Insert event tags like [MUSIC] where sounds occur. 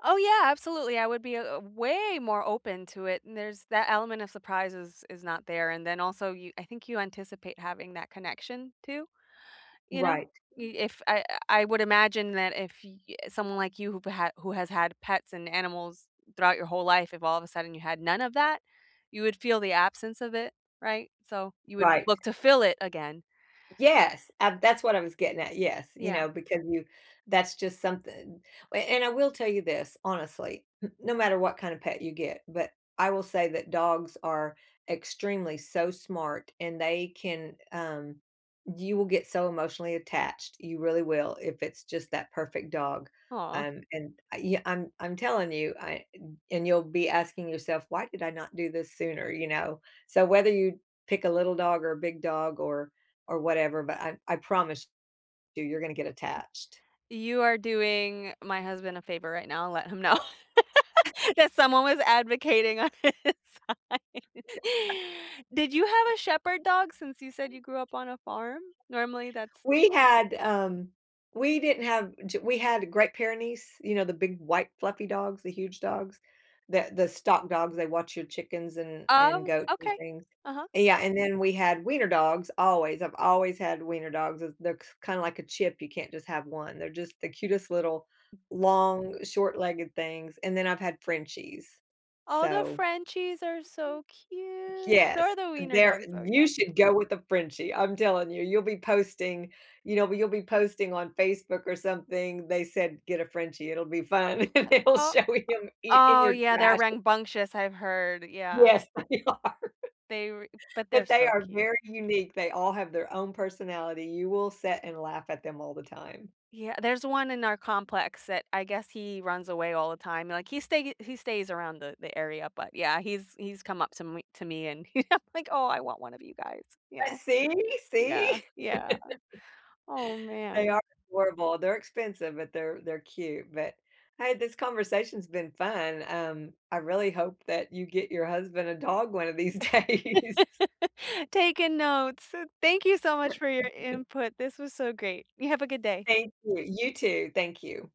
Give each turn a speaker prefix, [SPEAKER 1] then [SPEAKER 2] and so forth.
[SPEAKER 1] Oh, yeah, absolutely, I would be a a way more open to it, there's that element of surprise is is not there, and then also, yo I think you anticipate having that connection, too, you know?
[SPEAKER 2] Right.
[SPEAKER 1] Y if I I would imagine that if y eh, someone like you, who who has had pets and animals, throughout your whole life, if all of a sudden you had none of that, you would feel the absence of it, right? So, you would
[SPEAKER 2] Right.
[SPEAKER 1] look to fill it again.
[SPEAKER 2] Yes. A that's what I was getting at yes, you
[SPEAKER 1] Yeah.
[SPEAKER 2] know, because you that's just something, a and I will tell you this honestly, n no matter what kinda pet you get but I will say that dogs are extremely so smart, and they can, um you will get so emotionally attached, you really will, if it's just that perfect dog,
[SPEAKER 1] Aw.
[SPEAKER 2] um, and I yeah, I'm I'm telling you, I, eh, and you'll be asking yourself, "Why did I not do this sooner?" You know? So, whether you, pick a little dog or a big dog or or whatever, but I I promise you you're gonna get attached.
[SPEAKER 1] You are doing my husband a favor right now, let him know,
[SPEAKER 2] [CHUCKLES]
[SPEAKER 1] [LAUGHS] that someone was advocating on his side.
[SPEAKER 2] [LAUGHS]
[SPEAKER 1] Did you have a shepherd dog since you said you grew up on a farm? Normally that's
[SPEAKER 2] We had, um we didn't have g we had Great Pyrenees, you know, the big, white, fluffy dogs, the huge dogs, the the stock dogs. They watch your chickens and and
[SPEAKER 1] Oh,
[SPEAKER 2] goats and
[SPEAKER 1] okay.
[SPEAKER 2] things.
[SPEAKER 1] Uh-huh.
[SPEAKER 2] Yeah, and then we had wiener dogs always, I've always had wiener dogs, as they're they're kinda like a chip, you can't just have one. They're just the cutest little, long short-legged things, and then I've had Frenchies.
[SPEAKER 1] All the
[SPEAKER 2] So
[SPEAKER 1] Frenchies are so cute.
[SPEAKER 2] Yes,
[SPEAKER 1] They're the wiener
[SPEAKER 2] there
[SPEAKER 1] dogs, though. Yeah.
[SPEAKER 2] you should go with a Frenchie, I'm telling you, you'll be posting you know? You'll be posting on Facebook or something, "They said get a Frenchie, it'll be fun." [LAUGHS]
[SPEAKER 1] Uh,
[SPEAKER 2] They'll
[SPEAKER 1] oh uh,
[SPEAKER 2] show him eat in
[SPEAKER 1] oh,
[SPEAKER 2] your
[SPEAKER 1] yeah, they're
[SPEAKER 2] trash.
[SPEAKER 1] rambunctious, I've heard. Yeah.
[SPEAKER 2] Yes. They are.
[SPEAKER 1] They re but they're
[SPEAKER 2] But they
[SPEAKER 1] so
[SPEAKER 2] are
[SPEAKER 1] cute.
[SPEAKER 2] very unique. They all have their own personality. You will sit and laugh at them all the time.
[SPEAKER 1] Yea there's 1 in our complex that I guess he runs away all the time, like, he stay he stays around the the area, but yeah, he's he's come up to m to me, [LAUGHS] and I'm like, "Oh, I want one of you guys." Yeah.
[SPEAKER 2] A see,
[SPEAKER 1] Yeah,
[SPEAKER 2] see?
[SPEAKER 1] yeah.
[SPEAKER 2] [LAUGHS]
[SPEAKER 1] Oh
[SPEAKER 2] They
[SPEAKER 1] man.
[SPEAKER 2] are adorable. They're expensive, but they're they're cute. But, hey, this conversation's been fun, um, I really hope that you get your husband a dog one of these days.
[SPEAKER 1] [LAUGHS] Taking notes, d thank you so much for your
[SPEAKER 2] [LAUGHS]
[SPEAKER 1] input. This was so great, you have a good day.
[SPEAKER 2] Thank you. You too. Thank you.